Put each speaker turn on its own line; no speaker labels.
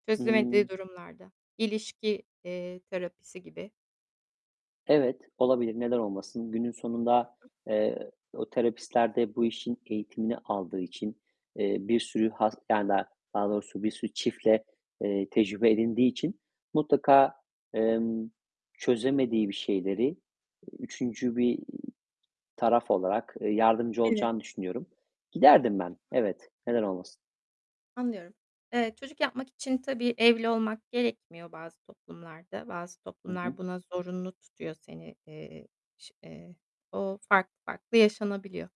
Çözemediği
Imm
durumlarda, ilişki, eee, terapisi gibi
Evet, olabilir. Neden olmasın? Günün
Hı
sonunda,
hı.
eee, o terapistler de bu işin eğitimini aldığı için, eee, bir sürü has yani, daha doğrusu bir sürü çiftle, eee, tecrübe edindiği için mutlaka, emm, çözemediği bir şeyleri, eee, 3'üncü bir taraf olarak, eee, yardımcı
Evet.
olacağını düşünüyorum. Giderdim
Hı
ben,
hı.
evet. Neden olmasın?
Anlıyorum. Eee, çocuk yapmak için tabii, evli olmak gerekmiyor bazı toplumlarda. Bazı
Hı
toplumlar
hı.
buna zorunlu tutuyor seni, eee, ş eee, o farklı farklı yaşanabiliyor.